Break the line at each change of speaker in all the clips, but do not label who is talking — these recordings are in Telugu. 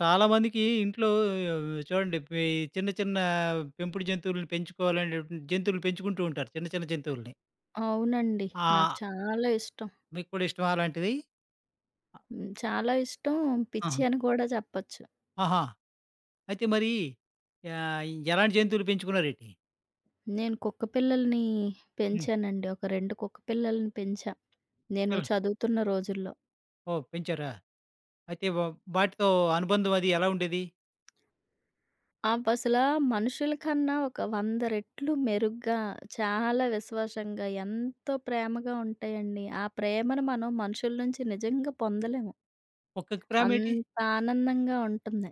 చాలా మందికి ఇంట్లో ఆహ్, వ్ చూడండి. పి చిన్న చిన్న పెంపుడు జంతువుల్ని పెంచుకోవాలనేటి జంతువులని పెంచుకుంటూ ఉంటారు. చిన్న చిన్న జంతువులని.
అవునండి. నాకు
ఆహ్
చాలా ఇష్టం.
మీకు కూడా ఇష్టమా అలాంటిది?
హ్మ్. చాలా ఇష్టం పిచ్చి
అహా!
అని కూడా చెప్పొచ్చు.
అహా! అయితే మరి ఆహ్, ఎలాంటి జంతువులు పెంచుకున్నారేటి?
నేను కుక్కపిల్లల్ని
హ్మ్.
పెంచానండి ఒక 2 కుక్కపిల్లల్ని పెంచా. నేను
అవును
చదువుతున్న రోజుల్లో.
ఓహ్! పెంచారా! అయితే వా వాటితో అనుబంధం అది ఎలా ఉండేది?
అవసల మనుషుల కన్నా ఒక వంద రెట్లు మెరుగ్గా, చాలా విశ్వాసంగా, ఎంతో ప్రేమగా ఉంటాయండి. ఆ ప్రేమను మనం మనుషుల నుంచి నిజంగా పొందలేము.
కుక్కకి ప్రేమేటి?
అంత ఆనందంగా ఉంటుంది.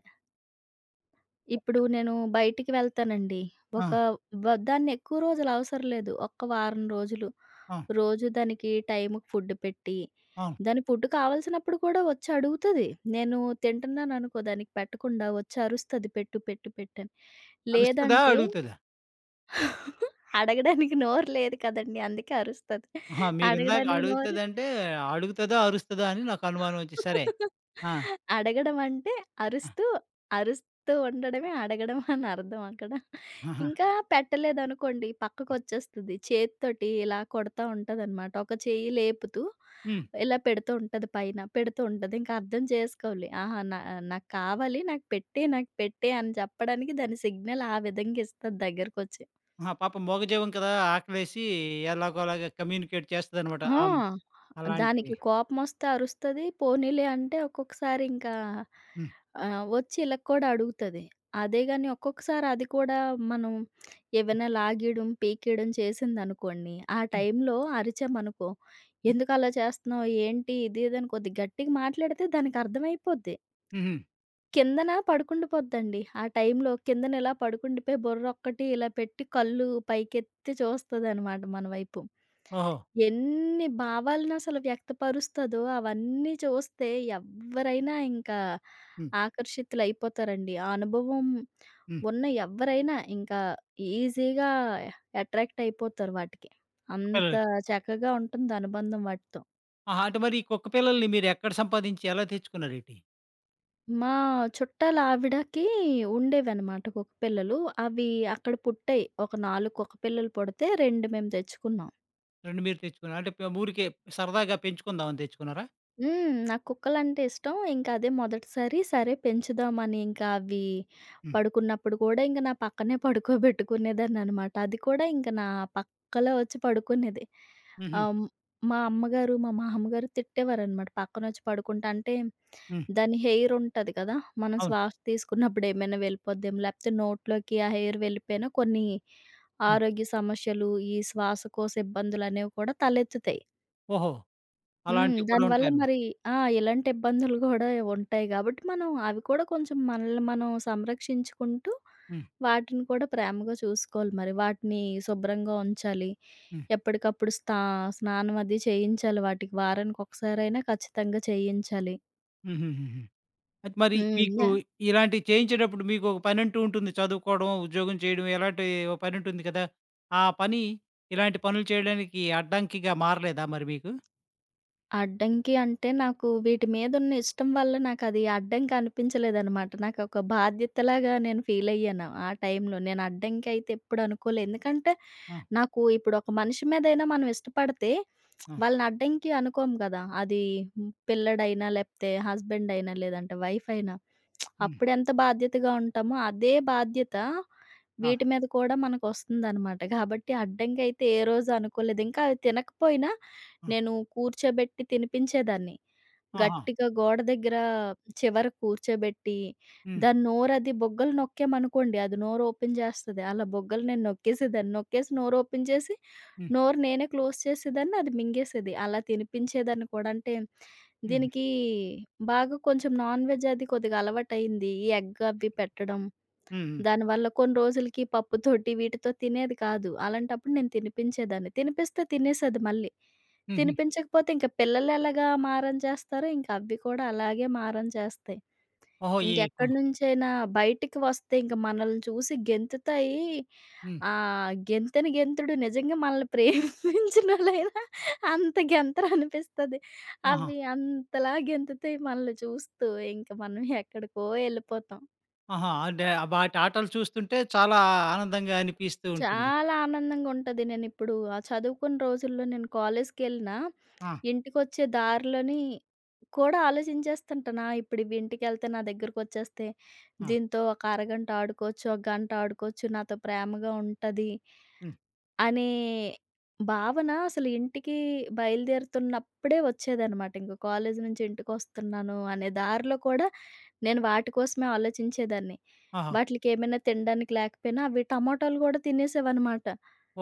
కుక్క
ఇప్పుడు నేను బయటికి వెళ్తానండి. ఒక
ఆ!
వ దాన్ని ఎక్కువ రోజులు అవసరం లేదు ఒక్క వారం రోజులు.
ఆ!
రోజు దానికి టైముకి ఫుడ్డు పెట్టి,
అవును.
దాని ఫుడ్డు కావాల్సినప్పుడు కూడా వచ్చి అడుగుతది. నేను తింటున్నాననుకో దానికి పెట్టకుండా వచ్చరుస్తది, పెట్టు, పెట్టు, పెట్టు అని.
అరుస్తదా?
లేదంటే
అడుగుతదా?
అడగడానికి నోరు లేదు కదండీ! అందుకే అరుస్తది
అహా! మీరిందాక
అడగడానికి నోరుంటే
అడుగుతదంటే, అడుగుతదో అరుస్తదో అని నాకనుమానం వచ్చి సరే. ఆ!
అడగడం అంటే
ఆ!
అరుస్తూ, అరుస్తూ ఉండడమే అడగడం అనర్థం అక్కడ.
ఆహా!
ఇంకా పెట్టలేదనుకోండి
హ్మ్.
పక్కకొచ్చేస్తది. చేత్తోటి ఇలా కొడతా ఉంటదనమాట ఒక చెయ్యి లేపుతూ,
హ్మ్.
ఇలా పెడుతూ ఉంటది పైన, పెడుతూ ఉంటది ఇంకా అర్థం చేసుకోవాలి. ఆహా! నా నాకు కావాలి నాకు పెట్టే, నాకు పెట్టే అని చెప్పడానికి దాని సిగ్నల్ ఆ విధంగా ఇస్తది దగ్గరకొచ్చి.
ఆహా! పాపం మూగజీవం కదా! ఆకలేసి ఎలాగో అలాగా కమ్యూనికేట్ చేస్తదనమాట.
ఆ!
ఆహ్, హ్మ్. అలాంటివి.
దానికి కోపమోస్తే అరుస్తది. పోనీలే అంటే ఒక్కొక్కసారింకా
హ్మ్.
ఆహ్, వచ్చి ఇళ్ళ కూడా అడుగుతది. అదే గాని ఒక్కొక్కసారి అది కూడా మనం ఏవైనా లాగేయడం, పీకేయడం చేసిందనుకోండి, ఆ
హ్మ్.
టైంలో అరిచామనుకో, ఎందుకు అలా చేస్తున్నావు? ఏంటి ఇది ఇది అని కొద్దిగా గట్టిగా మాట్లాడితే దానికి అర్థమైపోద్ది.
హుహు.
కిందన పడుకుండిపోద్దండి. ఆ టైంలో కిందన ఇలా పడుకుండిపోయి, బుర్రొక్కటి ఇలా పెట్టి, కళ్ళు పైకెత్తి చూస్తుందనమాట మన వైపు.
ఓహో!
ఎన్ని భావాలను అసలు వ్యక్తపరుస్తదో అవన్నీ చూస్తే ఎవ్వరైనా ఇంకా
హ్మ్.
ఆకర్షితులైపోతారండి. ఆ అనుభవం
హ్మ్.
ఉన్న ఎవ్వరైనా ఇంకా ఈజీగా ఎట్రాక్ట్ అయిపోతారు వాటికి.
కుక్క
అంత
పిల్లలకి
చక్కగా ఉంటుంది అనుబంధం వాటితో.
ఆహా! అంటే, మరి కుక్క‌పిల్లల్ని మీరేక్కడ సంపాదించి, ఎలా తెచ్చుకున్నారేటి?
మా చుట్టాలవిడకి ఉండేవనమాట కుక్క‌పిల్లలు. అవి అక్కడ పుట్టాయి ఒక 4 కుక్క‌పిల్లలు పుడితే 2 మేము తెచ్చుకున్నాం.
2 మీరు తెచ్చుకున్నారు. అంటే పె ఊరికే, సరదాగా పెంచుకుందాం, అని తెచ్చుకున్నారా?
హ్మ్. నాకుక్కలంటే ఇష్టం. ఇంకదే మొదటిసారి. సరే, పెంచుదామని ఇంకవి
హ్మ్.
పడుకున్నప్పుడు కూడా ఇంక నా పక్కనే పడుకోబెట్టుకునేదాన్ననమాట. అది కూడా ఇంక నా పక్కలో వచ్చి పడుకునేది.
హుహు.
అం మా అమ్మగారు, మా మామ్మగారు తిట్టేవారనమాట, పక్కనోచ్చి పడుకుంటే అంటే,
హ్మ్.
దాని హెయిరుంటది కదా! మనం
అవును.
శ్వాస తీసుకున్నప్పుడు ఏమైనా వెళ్ళిపోద్దేమో లేకపోతే నోట్లోకి ఆ హెయిర్ వెళ్ళిపోయినా, కొన్ని
హ్మ్.
ఆరోగ్య సమశ్శలు, ఈ శ్వాసకోశ ఇబ్బందులనేవి కూడా తలెత్తుతాయి.
ఓహో!
హ్మ్.
అలాంటివి కూడా
దానివల్ల
ఉంటాయన్నమాట.
మరి ఆ! ఇలాంటి ఇబ్బందులు కూడా ఉంటాయి గాబట్టి, మనం అవి కూడా కొంచెం మనల్ని మనం సంరక్షించుకుంటూ,
హ్మ్.
వాటిని కూడా ప్రేమగా చూసుకోవాలి మరి. వాటిని శుభ్రంగా ఉంచాలి,
హ్మ్.
ఎప్పటికప్పుడు స్త స్నానం అది చేయించాలి వాటికి. వారానికి ఒకసారైనా ఖచ్చితంగా చేయించాలి.
హ్మ్. హ్మ్. హ్మ్. హ్మ్. అయితే మరి, మీకు
హ్మ్.యహ్!
ఇలాంటియి చేయించేటప్పుడు మీకు ఒక పనంటూ ఉంటుంది. చదువుకోడమో, ఉద్యోగం చేయడమో ఇలాంటి ఓ పనుంటుంది కదా! ఆ పని, ఇలాంటి పనులు చేయడానికి అడ్డంకిగా మారలేదా మరి మీకు?
అడ్డంకి అంటే, నాకు వీటి మీదున్న ఇష్టం వల్ల నాకు అది అడ్డంకి అనిపించలేదనమాట. నాకొక బాధ్యతలాగా నేను ఫీలయ్యాను ఆ టైంలో. నేను అడ్డంకైతే ఎప్పుడు అనుకోలేదు. ఎందుకంటే,
ఆ!
నాకు ఇప్పుడు ఒక మనిషి మీదయినా మనం ఇష్టపడితే
ఆ!
వాళ్ళని అడ్డంకి అనుకోము కదా! అదీ పిల్లోడైయినా, లేపోతే హస్బెండైయినా, లేదంటే వైఫైయినా,
హ్మ్.
అప్పుడెంత బాధ్యతగా ఉంటామో, అదే బాధ్యత
ఆ!
వీటి మీద కూడా మనకొస్తుందనమాట. కాబట్టి అడ్డంకయితే ఏరోజు అనుకోలేదు. ఇంకా అది తినకపోయినా,
ఆ!
నేను కూర్చోబెట్టి తినిపించేదాన్ని.
ఆహా!
గట్టిగా గోడ దగ్గర చివరకి కూర్చోబెట్టి,
హ్మ్.
దాని నోరు అది బుగ్గలు నొక్కామనుకోండి, అది నోరోపెన్ జేస్తది. అలా బుగ్గలు నేను నొక్కేసే దాన్ని. నొక్కేసి నోరోపెన్ జేసి,
హ్మ్.
నోరు నేనే క్లోజ్ చేసేదాన్ని అది మింగేసేది. అలా తినిపించేదాన్ని కూడా. అంటే,
హ్మ్. హ్మ్.
దీనికి బాగా కొంచెం నాన్ వెజ్ అదీ కొద్దిగా అలవాటైంది. ఈ ఎగ్గవి పెట్టడం,
హ్మ్. హ్మ్.
దానివల్ల కొన్ని రోజులకి పప్పు తోటి వీటితో తినేది కాదు. అలాంటప్పుడు నేను తినిపించేదాన్ని. తినిపిస్తే తినేసేది మళ్ళీ.
హ్మ్. హ్మ్.
తినిపించకపోతే, ఇంక పిల్లలెలాగా మారం చేస్తారో ఇంకది కూడా అలాగే మారం చేస్తాయి.
ఓహో! ఈ
ఇంక
కు
ఎక్కడినుంచైనా బయటికి వస్తే ఇంక మనల్ని చూసి గెంతుతాయి,
హ్మ్.
ఆహ్, గెంతెని గెంతుడు నిజంగా మనల్ని ప్రేమించినోళ్ళైనా అంత గెంతరనిపిస్తది.
ఆహా!
అవి అంతలా గెంతుతాయి మనల్ని చూస్తూ. ఇంకా మనం ఎక్కడికో ఎళ్ళిపోతాం.
ఆహా! అంటే వాటి ఆటలు చూస్తుంటే చాలా ఆనందంగా అనిపిస్తూ ఉంటుంది.
చాలా ఆనందంగుంటది నేనిప్పుడు ఆ చదువుకున్న రోజుల్లో నేను కాలేజ్‌కెళ్ళి‌నా
ఆ!
ఇంటికొచ్చే దారిలోని కూడా ఆలోచించేస్తుంటాను ఆ ఇప్పుడు ఇవింటికెళ్తే నా దెగ్గరకొచ్చేస్తే,
ఆ!
దీంతో ఒక అరగంట ఆడుకోవచ్చు, ఒక గంట ఆడుకోవచ్చు. నాతో ప్రేమగా ఉంటది.
హ్మ్.
అనే భావన అసలింటికీ బయలుదేరుతున్నప్పుడే వచ్చేదన్నమాట. ఇంగ కాలేజి నించి ఇంటికొస్తున్నాను అనే దారిలో కూడా నేను వాటి కోసమే ఆలోచించేదాన్ని.
ఆహా!
వాటిల్‌కేమైనా తిండానికి లేకపోయినా అవి టమొటాలు గూడా తినేసేవనమాట.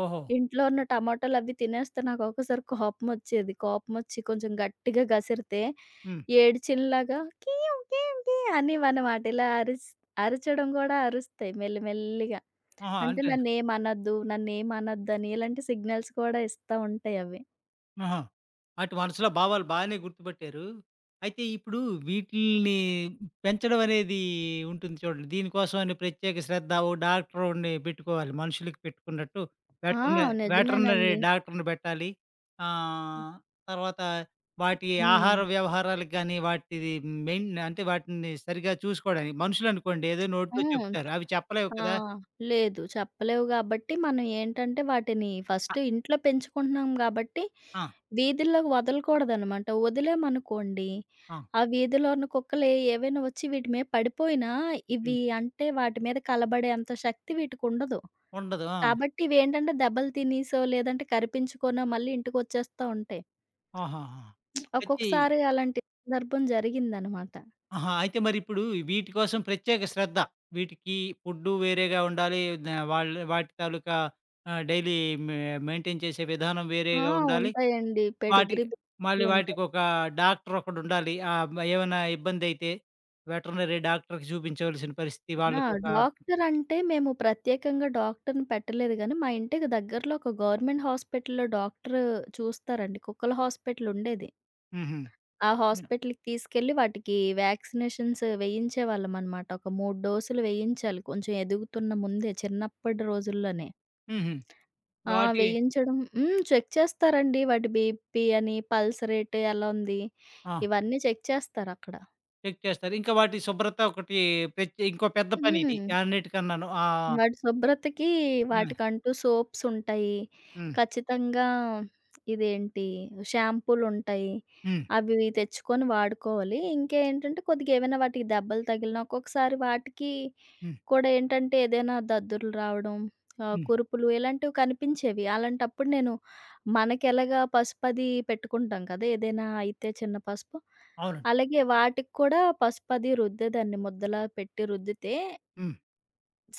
ఓహొ!
ఇంట్లో ఉన్న టమొటాలు అవి తినేస్తే నాకోక్కోసారి కోపమొచ్చేది. కోపమొచ్చి కొంచెం గట్టిగా గసిరితే,
హ్మ్.
ఏడ్చినలాగా కీయుం కీయుం కీయుం అనేవనమాట. ఇలా అరిస్ అరిచడం గూడా అరుస్తాయి మెల్లి మెల్లిగా.
ఆహా!
అంటే
అంటే
నన్నేమనద్దు, నన్నేమనద్దు అని ఇలాంటి సిగ్నల్స్ కూడా ఇస్తా ఉంటాయవి.
ఆహా! ఆటి మనసులో భావాలు బానే గుర్తుపట్టారు. అయితే ఇప్పుడు వీటిల్ని పెంచడం అనేది ఉంటుంది చూడండి. దీనికోసం అని ప్రత్యేక శ్రద్ధ ఓహ్! డాక్టరు‌ని పెట్టుకోవాలి మనుషులకి పెట్టుకున్నట్టు.
ఆ!
వెటర్న వెటర్నరీ
నిజమేనండి.
డాక్టర్‌ని పెట్టాలి.
హ్మ్.
ఆహ్, తర్వాత వాటి ఆహార
హ్మ్.
వ్యవహారాలకి గాని వాటిది మెయిన్ అంటే వాటిని సరిగ్గా చూసుకోడానికి మనుషులు అనుకోండి ఏదో నోటితో
హ్మ్.
చెప్తారు. అవి చెప్పలేవు కదా!
ఆహ్, లేదు చెప్పలేవు గాబట్టి మనం ఏంటంటే వాటిని
ఆ!
ఫస్ట్ ఇంట్లో పెంచుకుంటున్నాం గాబట్టి,
ఆ!
వీధుల్లోకి వదలకూడదనమాట. ఒదిలామనుకోండి
ఆ!
ఆ వీధిలో ఉన్న కుక్కలు ఎ ఏవైనా ఒచ్చి వీటి మీద పడిపోయినా, ఇవి
హ్మ్.
అంటే వాటి మీద కలబడే అంత శక్తి వీటికుండదు.
ఉండదు ఆ!
కాబట్టి ఇవేంటంటే దెబ్బలు తినేసో, లేదంటే కరిపించుకోనో, మళ్ళీ ఇంటికొచ్చేస్తా ఉంటాయి.
ఆహాహా! ప్రతి
ఒక్కొక్కసారి అలాంటి సందర్భం జరిగిందనమాట.
ఆహా! అయితే మరీప్పుడు వీటి కోసం ప్రత్యేక శ్రద్ధ. వీటికి ఫుడ్డు వేరేగా ఉండాలి. ఏవిద వాళ్ళు వాటి తాలూకా ఆ డెయిలీ మ-మెయింటెయిన్ చేసే విధానం
ఆ!
వేరేగా ఉండాలి.
ఉంటాయండి పెడిగ్రీ
వాటికి మళ్ళీ
బిస్కెట్లుంటాయి.
వాటికొక డాక్టరొకడుండాలి. ఆహ్, మ ఏమన్నా ఇబ్బందయితే వెటర్నరీ డాక్టర్‌కి చూపించవలసిన పరిస్థితి.
ఆ!
వాళ్ళకొక
డాక్టర్ అంటే మేము ప్రత్యేకంగా డాక్టర్‌ని పెట్టలేదు గాని, మా ఇంటికి దగ్గరలో ఒక గవర్నమెంట్ హాస్పిటల్‌లో డాక్టరు చూస్తారండి కుక్కల హాస్పిటలుండేది.
హుహు.
ఆ
హ్మ్.
హాస్పిటల్‌కి తీసుకెళ్ళి వాటికి వ్యాక్సినేషన్స్ వేయించేవాళ్ళం అన్నమాట. ఒక 3 డోసులు వేయించాలి. కొంచెం ఎదుగుతున్న ముందే చిన్నప్పడి రోజుల్లోనే.
హుహు.
ఆ!
వాటి
వేయించడం హ్మ్. చెక్ చేస్తారండి వాటి బీపీ అని, పల్స్ రేట్ ఎలా ఉంది?
ఆ!
ఇవన్నీ చెక్ చేస్తారక్కడ.
చెక్ చేస్తారు. ఇంకా వాటి శుభ్రత ఒకటి ప్రత్యే ఇంకో పెద్ద పని
హ్మ్.
ఇది అన్నిటికన్నాను. ఆహ్
వాటి శుభ్రతకి
హ్మ్.
వాటికంటూ సోప్స్ ఉంటాయి.
హ్మ్.
ఖచ్చితంగా. ఇదేంటి షాంపూలుంటాయి.
హ్మ్
అవి ఇవి తెచ్చుకొని వాడుకోవాలి. ఇంకేంటంటే కొద్దిగా ఏవైనా వాటికి దెబ్బలు తగిలిన, ఒక్కొక్కసారి వాటికి
హ్మ్.
కూడా ఏంటంటే ఏదైనా దద్దుర్లు రావడం, ఆహ్,
హ్మ్.
కురుపులు ఇలాంటివి కనిపించేవి. అలాంటప్పుడు నేను మనకెలాగా పసుపు అది పెట్టుకుంటాం కదా! ఏదైనా అయితే చిన్న పసుపు,
అవునండి.
అలాగే వాటికి కూడా పసుపది రుద్దేదన్ని ముద్దలా పెట్టి రుద్దితే...
హ్మ్.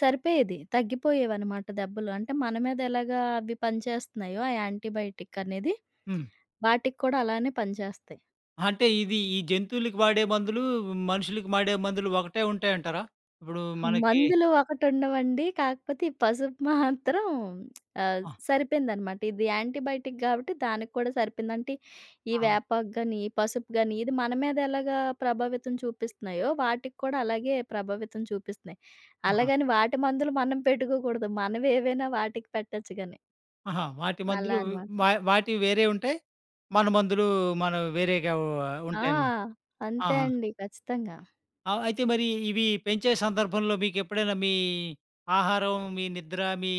సరిపోయేది తగ్గిపోయేవన్నమాట దెబ్బలు. అంటే, మన మీదెలాగా అవి పనిచేస్తున్నాయో ఆ యాంటీబయోటిక్ అనేది,
హ్మ్.
వాటికి కూడా అలానే పనిచేస్తాయి.
అంటే, ఇది ఈ జంతువులకి వాడే మందులు, మనుషులకి వాడే మందులు ఒకటే ఉంటాయంటారా? ఇప్పుడు మనకి
మందులు ఒకటుండవండి కాకపోతే, ఈ పసుపు మాత్రం ఆహ్,
ఆ!
సరిపోయిందనమాట. ఇది యాంటీబయోటిక్ కాబట్టి దానికి కూడా సరిపోయింది. అంటే, ఈ
ఆ!
వేపాకు గాని ఈ పసుపు గాని ఇది మన మీదెలాగా ప్రభావితం చూపిస్తున్నాయో, వాటికి కూడా అలాగే ప్రభావితం చూపిస్తున్నాయి.
ఆ!
అలాగని వాటి మందులు మనం పెట్టుకోకూడదు మనవేవైనా వాటికి పెట్టొచ్చు గానీ.
ఆహా! వాటి
అలా
మందులు మ
అన్నమాట.
వాటివి వేరే ఉంటాయి. మన మందులు మనం వేరేగా వ
ఆ!
ఉంటాయన్నమాట.
అంతే
ఆహా!
అండి. ఖచ్చితంగా.
ఆ! అయితే మరి ఇవి పెంచే సందర్భంలో మీకెప్పుడైనా మీ ఆహారం, మీ నిద్ర మీ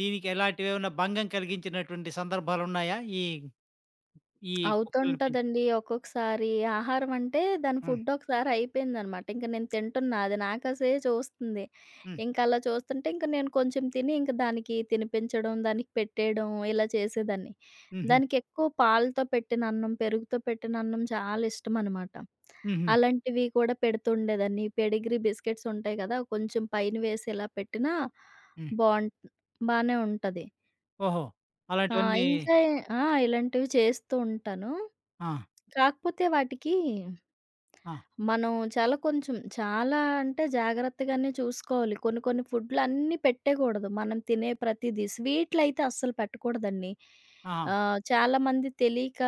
దీనికి ఎలాంటివేమన్నా భంగం కలిగించినటువంటి సందర్భాలున్నాయా? ఈ ఈ కుక్కల్ని పెంచే
అవుతుంటుందండి. ఒక్కొక్కసారి. ఆహారం అంటే, దాని
హ్మ్.
ఫుడ్డో ఒకసారి అయిపోయిందనమాట. ఇంక నేను తింటున్నా అది నాకాసే చూస్తుంది,
హ్మ్.
ఇంకలా చూస్తుంటే, ఇంక నేను కొంచెం తిని ఇంకా దానికి తినిపించడం, దానికి పెట్టేయడం, ఇలా చేసేదాన్ని.
హ్మ్, హ్మ్.
దానికెక్కువ పాలతో పెట్టిన అన్నం, పెరుగుతో పెట్టిన అన్నం చాలా ఇష్టమనమాట.
హ్మ్, హ్మ్.
అలాంటివి కూడా పెడుతుండేదాన్ని. ఈ పెడిగ్రీ బిస్కెట్సుంటాయి కదా! కొంచెం పైన వేసి ఇలా పెట్టినా
హ్మ్.
బోన్ బానే ఉంటది.
ఓహో!
ఆ!
అలాంటివన్నీ
ఇంకా ఎ ఆ! ఇలాంటివి చేస్తూ ఉంటాను.
ఆ!
కాకపోతే వాటికి,
ఆ!
మనం చాలా కొంచెం చాలా అంటే, జాగ్రత్తగానే చూసుకోవాలి. కొన్ని, కొన్ని ఫుడ్‌లన్నీ పెట్టేకూడదు. మనం తినే ప్రతీదీ స్వీట్‌లైతే అస్సల పెట్టకూడదండి.
ఆహా!
ఆహ్, చాలామంది తెలియక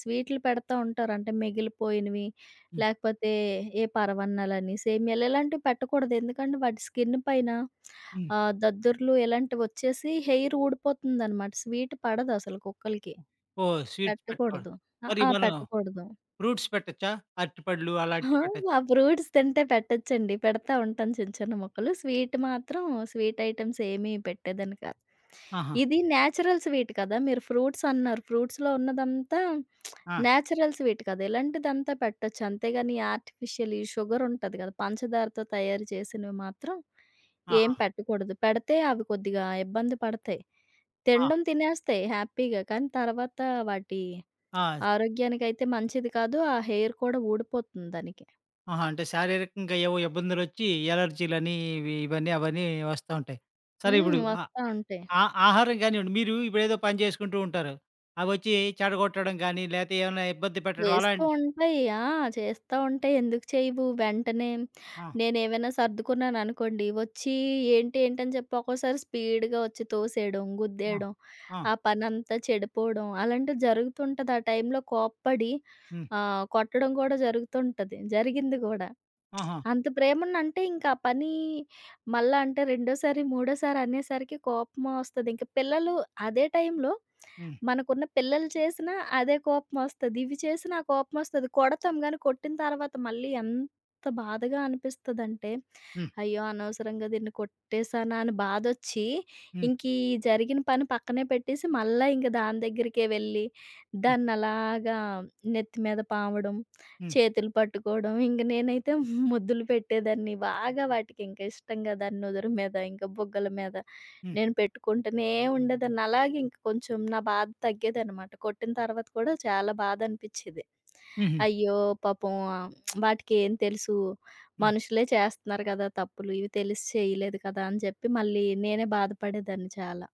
స్వీట్‌లుపెడతా ఉంటారు. అంటే మిగిలిపోయినవి,
హ్మ్.
లేకపోతే ఏ పరమాన్నాలని, సేమియాలు ఇలాంటివి పెట్టకూడదు. ఎందుకంటే, వాటి స్కిన్ను పైన
హ్మ్.
ఆహ్, దద్దుర్లు ఇలాంటివొచ్చేసి హెయిరూడిపోతుందనమాట. స్వీటు పడదసలు కుక్కలకి.
ఓహ్! స్వీట్స్ పెట్టుకూడదు.
పెట్టకూడదు.
మరి
అహా!
మనం
పెట్టకూడదు.
ఫ్రూట్స్ పెట్టొచ్చా? అరటిపళ్ళు
హ! ఆ
అలాంటివి పెట్టొచ్చ
ఫ్రూట్స్ తింటే పెట్టొచ్చండి. పెడతా ఉంటాను చిన్న, చిన్న ముక్కలు. స్వీట్ మాత్రం స్వీట్ ఐటెమ్సేమీ పెట్టేదాన్ని కాదు.
ఆహా!
ఇది న్యాచురల్ స్వీట్ కదా! మీరు ఫ్రూట్సన్నారు, ఫ్రూట్స్‌లో ఉన్నదంతా
ఆ!
న్యాచురల్ స్వీట్ కదా! ఇలాంటిదంతా పెట్టొచ్చు. అంతేగాని ఆర్టిఫిషియల్, ఈ షుగరుంటది కదా! పంచదారతో తయారు చేసినవి మాత్రం ఏం
ఆహా!
పెట్టకూడదు. పెడితే అవి కొద్దిగా ఇబ్బంది పడతాయి.
ఆ!
తినడం తినేస్తాయి హ్యాపీగా. కానీ తర్వాత వాటి
ఆ! [unintelligible]
ఆరోగ్యానికైతే మంచిది కాదు, ఆ హెయిర్ కూడా ఊడిపోతుంది దానికి.
ఆహా! అంటే, శారీరకంగా ఏవో ఇబ్బందులొచ్చి అలెర్జీ‌లని, ఇవి ఇవని, అవని వస్తా ఉంటయి. సరే
హ్మ్.
ఇప్పుడు ఆహ్,
వస్తా ఉంటయి.
ఆ ఆహారం గానివ్వండి. మీరు ఇప్పుడేదో పని జేసుకుంటూ ఉంటారు. అవొచ్చి చెడగొట్టడం గాని, లేతే ఏవన్నా ఇబ్బంది పెట్టడం
చేస్తూ
అలాంటి
ఉంటయి. ఆ! చేస్తా ఉంటయి, ఎందుకు చేయవు. వెంటనే
ఆ!
నేనేవైనా సర్దుకున్నాననుకోండి, వచ్చి ఏంటి, ఏంటని చెప్పి ఒక్కోసారి స్పీడ్‌గా వచ్చి తోసేయడం,
ఆ!
గుద్దేయడం,
ఆ!
ఆ పనంతా చెడిపోడం, అలాంటివి జరుగుతుంటది. ఆ టైంలో కోప్పడి,
హ్మ్.
ఆహ్, కొట్టడం కూడా జరుగుతుంటది. జరిగింది గూడా.
ఆహా!
అంత ప్రేమనంటే, ఇంకా ఆ పని మళ్ళా అంటే రెండోసారి, మూడోసారనేసరికి కోపమోస్తది. ఇంకా పిల్లలు అదే టైంలో,
హ్మ్.
మనకున్న పిల్లలు చేసినా అదే కోపమొస్తది, ఇది చేసినా కోపమొస్తది. కొడతాం గాని, కొట్టిన తర్వాత మళ్ళీ ఎంత బాధగా అనిపిస్తదంటే,
హ్మ్.
అయ్యో! అనవసరంగా దీన్ని కొట్టేశానా అని బాధొచ్చి,
హ్మ్.
ఇంకీ జరిగిన పని పక్కనే పెట్టేసి, మళ్ళా ఇంక దాని దగ్గరికే వెళ్లి
హ్మ్.
దాన్నలాగా నెత్తి మీద పావడం,
హ్మ్.
చేతులు పట్టుకోడం, ఇంగ నేనైతే ముద్దులు పెట్టేదాన్ని బాగా వాటికి. ఇంకా ఇష్టంగా దాని నుదురు మీద, ఇంకా బుగ్గల మీద,
హ్మ్.
నేను పెట్టుకుంటనే ఉండేదాన్ని. అలాగే ఇంకా కొంచెం నా బాధ తగ్గేదనమాట. కొట్టిన తర్వాత కూడా చాలా బాధ అనిపిచ్చేది.
హుహు.
అయ్యో! పాపం వాటికేం తెలుసు,
హ్మ్.
మనుషులే చేస్తన్నారు కదా! తప్పులు. ఇవి తెలిసి చేయలేదు కదా! అని చెప్పి మళ్ళీ నేనే బాధ పడేదాన్ని చాలా.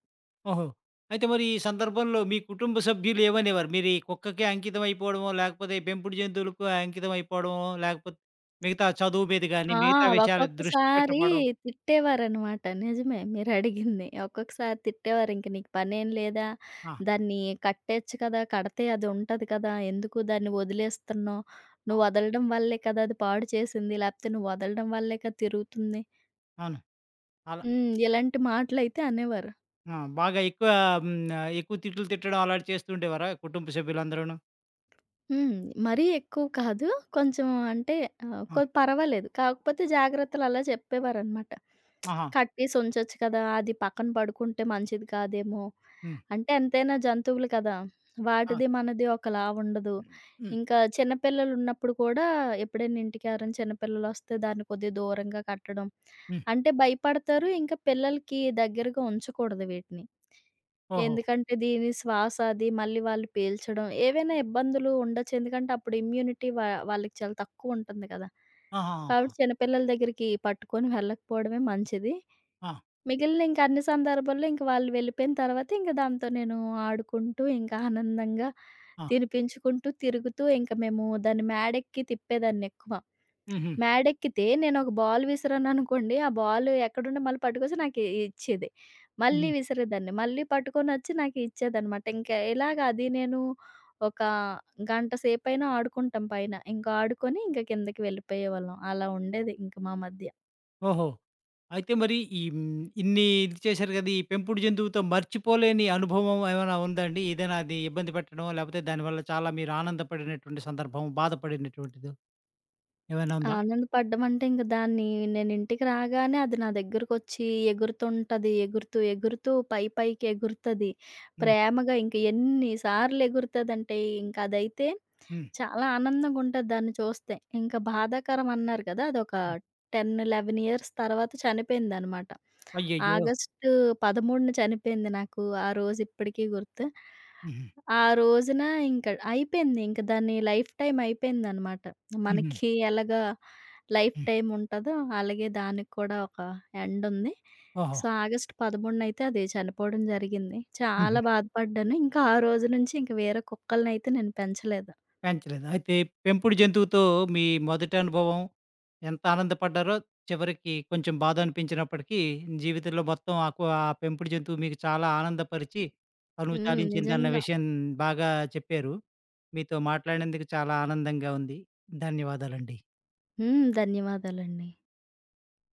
ఓహో! అయితే మరి, ఈ సందర్భంలో మీ కుటుంబ సభ్యులేమనేవారు? మీరు ఈ కుక్కకే అంకితమైపోవడమో, లేకపోతే ఈ పెంపుడు జంతువులకు అంకితమయిపోవడమో, లాకపోతే మిగతా చదువు మీద గాని,
ఆ!
మిగతా విషయాలు దృష్టి
ఒక్కొక్కసారి
పెట్టకపోవడం
తిట్టేవారనమాట. నిజమే, మీరడిగింది. ఒక్కొక్కసారి తిట్టేవారు, "ఇంకా నీకు పనేం లేదా,
ఆ!
దాన్ని కట్టేయొచ్చు కదా! కడితే అదుంటది కదా! ఎందుకు దాన్ని ఒదిలేస్తున్నావు,
ఆ!
నువ్వు వదలడం వల్లే కదా! అది పాడుచేసింది. లాకపోతే నువ్వు వదలడం వల్లే కదా! తిరుగుతుంది."
అవును. అలా
హ్మ్. ఇలాంటి మాటలైతే అనేవారు.
ఆ! బాగా ఎక్కువ హ్మ్. ఆహ్, ఎక్కువ తిట్లు తిట్టడం అలాంటివి చేస్తూండేవారా? కుటుంబ సభ్యులందరూను.
హ్మ్. మరీ ఎక్కువ కాదు. కొంచెం అంటే ఆహ్,
ఆ!
కొ పర్వాలేదు. కాకపోతే జాగ్రత్తలలా చెప్పేవారనమాట.
ఆహా!
కట్టేసి ఉంచొచ్చు కదా! అది పక్కన పడుకుంటే, మంచిది కాదేమో.
హ్మ్.
అంటే ఎంతైనా జంతువులు కదా!
ఆ!
వాటిది మనది ఒకలా ఉండదు.
హ్మ్.
ఇంకా చిన్నపిల్లలున్నప్పుడు కూడా ఎప్పుడైనా ఇంటికెవరైనా చిన్న పిల్లలొస్తే, దాన్ని కొద్దిగా దూరంగా కట్టడం.
హ్మ్.
అంటే భయపడతారు. ఇంకా పిల్లలకి దెగ్గరగా ఉంచకూడదు వీటిని.
ఓహో!
ఎందుకంటే, దీని శ్వాస, అది మళ్ళీ వాళ్ళు పీల్చడం, ఏవైనా ఇబ్బందులు ఉండొచ్చు. ఎందుకంటే, అప్పుడు ఇమ్యూనిటీ వా వాళ్ళకి చాలా తక్కువుంటంది కదా! కాబట్టి,
ఆహాహా!
చిన్నపిల్లల దెగ్గరికి పట్టుకొని వెళ్ళకపోవడమే మంచిది.
ఆ!
మిగిలిన ఇంకా అన్ని సందర్భాల్లో, ఇంకా వాళ్ళు వెళ్ళిపోయిన తర్వాత, ఇంక దాంతో నేను ఆడుకుంటూ, ఇంకా ఆనందంగా
ఆ!
తినిపించుకుంటూ, తిరుగుతూ, ఇంకా మేము దాన్ని మేడెక్కి తిప్పేదాన్నెక్కువ.
హుహు.
మేడెక్కితే, నేనొక బాల్ విసిరాననుకోండి. ఆ బాలు ఎక్కడుంటే, మళ్ళీ పట్టుకొచ్చి నాకే ఇచ్చేది. మళ్ళీ
హ్మ్.
విసిరేదాన్ని. మళ్ళీ పట్టుకొనొచ్చి నాకు ఇచ్చేదనమాట. ఇంకా ఇలాగ అది, నేను ఒక గంట సేపైనా ఆడుకుంటాం పైన. ఇంకా ఆడుకొని, ఇంక కిందకి వెళ్ళిపోయేవాళ్ళం. అలా ఉండేది ఇంక మా మధ్య.
ఓహో! అయితే మరి ఈ హ్మ్. ఇన్ని ఇది చేసారు కదా! ఈ పెంపుడు జంతువుతో మర్చిపోలేని అనుభవం ఏమైనా ఉందా అండి? ఏదైనా అది ఇబ్బంది పెట్టడం, లేకపోతే దానివల్ల చాలా మీరు ఆనందపడినటువంటి సందర్భం, బాధపడినటువంటిదో, ఏమైనా ఉందా?
ఆనందపడ్డం అంటే, ఇంక దాన్ని నేనింటికి రాగానే, అది నా దగ్గరకొచ్చి ఎగురుతుంటది. ఎగురుతూ, ఎగురుతూ పైపైకి ఎగురుతది.
హ్మ్.
ప్రేమగా ఇంకా ఎన్ని సార్లు ఎగురుతదంటే, ఇంకా అదైతే
హ్మ్.
చాలా ఆనందంగా ఉంటది దాన్ని చూస్తే. ఇంకా బాధాకరం అన్నారు కదా! అదొక
హ్మ్.
10, 11 ఇయర్స్ తర్వాత చనిపోయిందనమాట.
అయ్యయ్యో!
ఆగస్టు 13న చనిపోయింది. నాకు ఆ రోజు ఇప్పటికి గుర్తు.
హుహు.
ఆ రోజున ఇంక అయిపేంది, ఇంక దాని లైఫ్ టైమ్ అయిపేందనమాట.
హుహు.
మనకి ఎలాగా లైఫ్
హ్మ్.
టైమ్ ఉంటుందో, అలాగే దానికి కూడా ఒక ఎండ్ ఉంది.
ఓహో!
సో, ఆగస్టు 13న అయితే అది చనిపోవడం జరిగింది. చాలా
హుహు.
బాధపడ్డాను. ఇంకా ఆ రోజు నుంచి ఇంకా వేరే కుక్కలనయితే నేను పెంచలేదు.
పెంచలేదు. అయితే పెంపుడు జంతువుతో మీ మొదటి అనుభవం ఎంత ఆనందపడ్డారో, చివరికి కొంచెం బాధనిపించినప్పటికీ, జీవితంలో మొత్తం ఆ కవా పెంపుడు జంతువు మీకు చాలా ఆనందపరిచి, తనువు
హ్మ్.
తాలించిందన్న
నిజంగా!
విషయం బాగా చెప్పారు. మీతో మాట్లాడినందుకు చాలా ఆనందంగా ఉంది. ధన్యవాదాలండి.
హ్మ్. ధన్యవాదాలండి.